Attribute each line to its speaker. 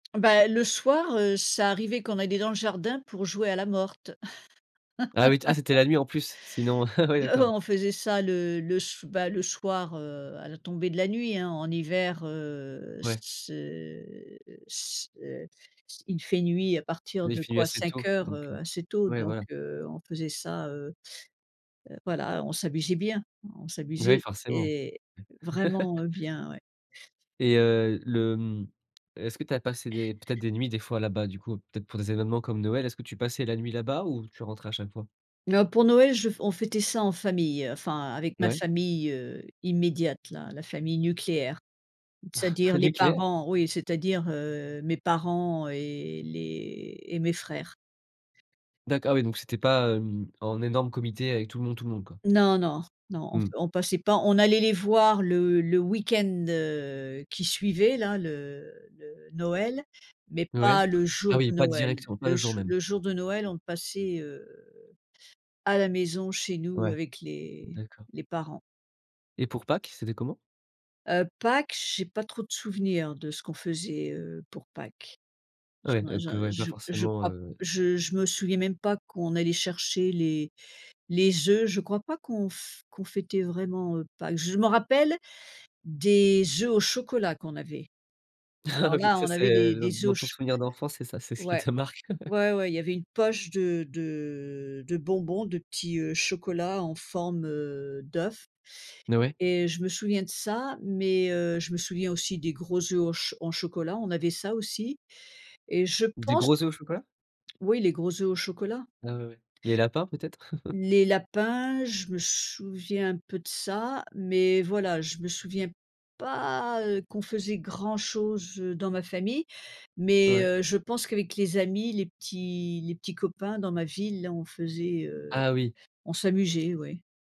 Speaker 1: Bah le soir, heu, ça arrivait qu'on allait dans le jardin pour jouer à la morte.
Speaker 2: Ah oui, t ah c'était la nuit en plus, sinon, ah ouais
Speaker 1: Heu,
Speaker 2: d'accord.
Speaker 1: on faisait ça le le so bah, le soir, heu, à la tombée de la nuit, hein, en hiver, heu,
Speaker 2: Ouais.
Speaker 1: c'est c'est il fait nuit à partir
Speaker 2: Oui il
Speaker 1: de
Speaker 2: fait nuit
Speaker 1: quoi
Speaker 2: assez
Speaker 1: cinq
Speaker 2: tôt,
Speaker 1: heures
Speaker 2: donc
Speaker 1: heu,
Speaker 2: heu,
Speaker 1: assez tôt
Speaker 2: ouais
Speaker 1: donc
Speaker 2: voilà.
Speaker 1: heu, on faisait ça, heu heu, voilà. On s'amusait bien, on
Speaker 2: Bah, oui
Speaker 1: s'amusait
Speaker 2: forcément.
Speaker 1: et vraiment, heu, bien, ouais.
Speaker 2: Et heu, le mmh est-ce que tu as passé des, peut-être des nuits des fois là-bas du coup? Peut-être pour des événements comme Noël? Est-ce que tu passais la nuit là-bas ou tu rentrais à chaque fois?
Speaker 1: Oh pour Noël je on fêtait ça en famille, heu, enfin avec ma
Speaker 2: Ouais.
Speaker 1: famille, heu, immédiate là, la famille nucléaire, c'est-à-dire les
Speaker 2: Nucléaire?
Speaker 1: parents, oui, c'est-à-dire, heu, mes parents et les et mes frères.
Speaker 2: D'accord oui, ah donc c'était pas, hem, en énorme comité avec tout le monde, tout le monde, quoi.
Speaker 1: Non, non, non, on p
Speaker 2: Mmh.
Speaker 1: on passait pas, on allait les voir le le week-end, heu, qui suivait là le le Noël, mais
Speaker 2: Ouais?
Speaker 1: pas le
Speaker 2: Ah
Speaker 1: jour
Speaker 2: oui
Speaker 1: de
Speaker 2: pas
Speaker 1: Noël.
Speaker 2: directement, pas le
Speaker 1: Le
Speaker 2: jour
Speaker 1: jou
Speaker 2: même.
Speaker 1: le jour de Noël, on le passait, heu, à la maison chez nous
Speaker 2: Ouais,
Speaker 1: avec les
Speaker 2: d'accord.
Speaker 1: les parents.
Speaker 2: Et pour Pâques, c'était comment?
Speaker 1: Heu, Pâques, j'ai pas trop de souvenirs de ce qu'on faisait, heu, pour Pâques. Je
Speaker 2: Ouais
Speaker 1: m'en
Speaker 2: donc
Speaker 1: j'en
Speaker 2: heu, ouais, pas
Speaker 1: je je
Speaker 2: forcément,
Speaker 1: crois p
Speaker 2: heu
Speaker 1: je je me souviens même pas qu'on allait chercher les les œufs. Je crois pas qu'on f qu'on fêtait vraiment, heu, Pâques. Je m'en rappelle des œufs au chocolat qu'on avait.
Speaker 2: Ah
Speaker 1: Alors
Speaker 2: oui,
Speaker 1: là,
Speaker 2: ça,
Speaker 1: on avait
Speaker 2: c'est
Speaker 1: des
Speaker 2: heu, dans
Speaker 1: des œufs
Speaker 2: dans
Speaker 1: au
Speaker 2: ton
Speaker 1: cho
Speaker 2: souvenir d'enfance, c'est ça, c'est ce qui
Speaker 1: Ouais,
Speaker 2: te marque?
Speaker 1: ouais, ouais, il y avait une poche de de de bonbons, de petits, heu, chocolats en forme, heu, d'œuf
Speaker 2: N heu, ouais.
Speaker 1: et je me souviens de ça. Mais heu, je me souviens aussi des gros œufs au ch au chocolat, on avait ça aussi et je
Speaker 2: Des
Speaker 1: pense
Speaker 2: gros œufs au chocolat?
Speaker 1: oui les gros œufs au chocolat.
Speaker 2: Ah ouais, ouais. Les lapins peut-être?
Speaker 1: Les lapins, je me souviens un peu de ça, mais voilà, je me souviens pas, heu, qu'on faisait grand-chose, heu, dans ma famille. Mais
Speaker 2: Ouais.
Speaker 1: heu, je pense qu'avec les amis, les petits les petits copains dans ma ville, hein, on faisait, heu
Speaker 2: Ah oui.
Speaker 1: on s'amusait, ouais.